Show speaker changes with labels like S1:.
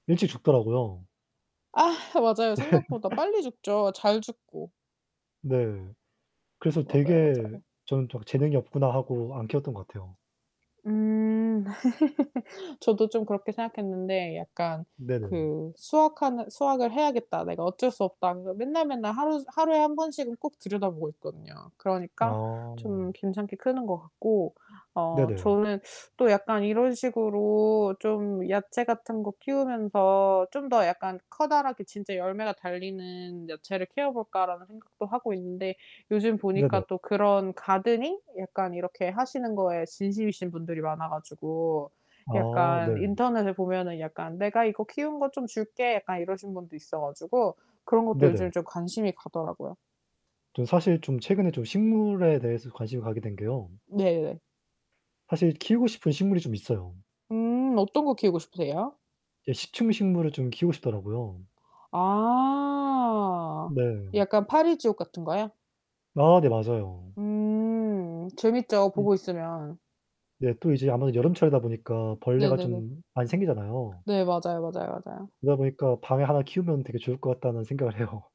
S1: 일찍 죽더라고요.
S2: 아 맞아요. 생각보다 빨리 죽죠 잘 죽고.
S1: 네. 그래서
S2: 맞아요,
S1: 되게
S2: 맞아요.
S1: 저는 또 막 재능이 없구나 하고 안 키웠던 것 같아요.
S2: 음. 저도 좀 그렇게 생각했는데 약간
S1: 네네.
S2: '그 수확하는 수확을 해야겠다. 내가 어쩔 수 없다.' 하면서 맨날, 맨날 하루 하루에 1 번씩은 꼭 들여다보고 있거든요. 그러니까
S1: 아.
S2: 좀 괜찮게 크는 것 같고. 어
S1: 네네.
S2: 저는 또 약간 이런 식으로 좀 야채 같은 거 키우면서 '좀 더 약간 커다랗게 진짜 열매가 달리는 야채를 키워볼까.'라는 생각도 하고 있는데 요즘
S1: 네네.
S2: 보니까 또 그런 가드닝 약간 이렇게 하시는 거에 진심이신 분들이 많아 가지고
S1: 아
S2: 약간
S1: 네.
S2: 인터넷에 보면은 약간 "내가 이거 키운 거 좀 줄게." 약간 이러신 분도 있어 가지고 그런 것도 요즘
S1: 네네.
S2: 좀 관심이 가더라고요.
S1: 저는 사실 좀 최근에 식물에 대해서 관심을 가게 된게요.
S2: 네.
S1: 사실 키우고 싶은 식물이 좀 있어요.
S2: 음 어떤 거 키우고 싶으세요?
S1: 예 식충식물을 좀 키우고 싶더라고요.
S2: 아
S1: 네.
S2: 약간 파리 지옥 같은 거요?
S1: 아 네 맞아요.
S2: 음 재밌죠
S1: [unintelligible]
S2: 보고 있으면.
S1: 네 또 이제 아무래도 여름철이다 보니까 벌레가
S2: 네네네.
S1: 좀 많이 생기잖아요.
S2: 네 맞아요, 맞아요, 맞아요.
S1: 그러다 보니까 방에 하나 키우면 되게 좋을 것 같다는 생각을 해요.